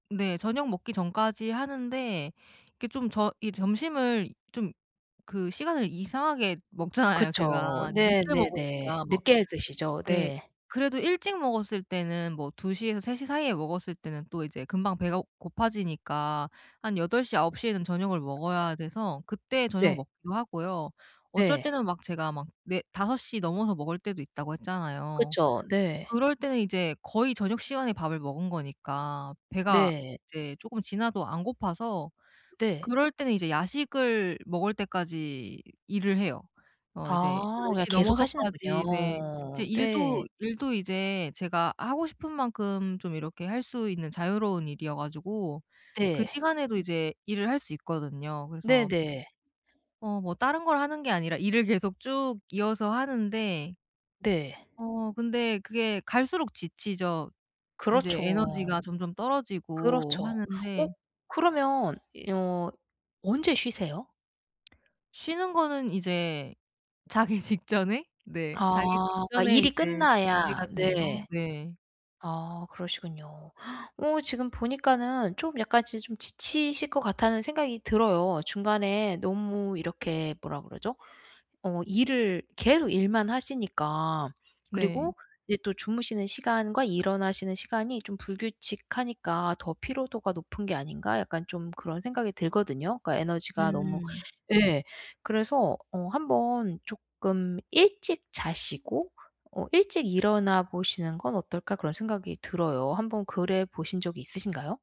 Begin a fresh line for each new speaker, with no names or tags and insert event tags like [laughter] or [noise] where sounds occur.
네 저녁 먹기 전까지 하는데 이게 좀 저 이 점심을 이 좀 그 시간을 이상하게 먹잖아요
그쵸.
제가. 늦게
네네네.
먹으니까 뭐.
늦게 드시죠.
네.
네.
그래도 일찍 먹었을 때는 뭐 2 시에서 3 시 사이에 먹었을 때는 또 이제 금방 배가 고파지니까 한 8 시, 9 시에는 저녁을 먹어야 돼서 그때 저녁을
네.
먹기도 하고요. 어쩔
네.
때는 막 제가 막 "4 5 시 넘어서 먹을 때도 있다."고 했잖아요.
그쵸. 네.
그럴 때는 이제 거의 저녁 시간에 밥을 먹은 거니까 배가
네.
이제 조금 지나도 안 고파서
네.
그럴 때는 이제 야식을 먹을 때까지 일을 해요. 어 이제 10
아. 그냥
시
계속
넘어서까지 이제 제
하시는군요. 네.
일도 일도 이제 제가 하고 싶은 만큼 좀 이렇게 할 수 있는 자유로운 일이어 가지고 그
네.
시간에도 이제 일을 할 수 있거든요. 그래서
네네.
어 뭐 다른 걸 하는 게 아니라 일을 계속 쭉 이어서 하는데
네.
어 근데 그게 갈수록 지치죠. 이제
그렇죠.
에너지가 점점 떨어지고
그렇죠. 어?
하는데.
그러면 이 어 언제 쉬세요?
쉬는 거는 이제 자기 직전에? 네. 자기
아. 그러니까
직전에
일이
이제 2
끝나야
시간 정도.
네.
네.
아 그러시군요. [gasps] 어 지금 보니까는 좀 약간 지 좀 지치실 것 같다는 생각이 들어요. 중간에 너무 이렇게 뭐라 그러죠? 어 일을 계속 일만 하시니까.
네.
그리고 이제 또 '주무시는 시간과 일어나시는 시간이 좀 불규칙하니까 더 피로도가 높은 게 아닌가?' 약간 좀 그런 생각이 들거든요. 그러니까 에너지가 너무
음.
예. 그래서 어 한번 쪼끔 '일찍 자시고 어 일찍 일어나 보시는 건 어떨까?' 그런 생각이 들어요. 한번 그래 보신 적이 있으신가요?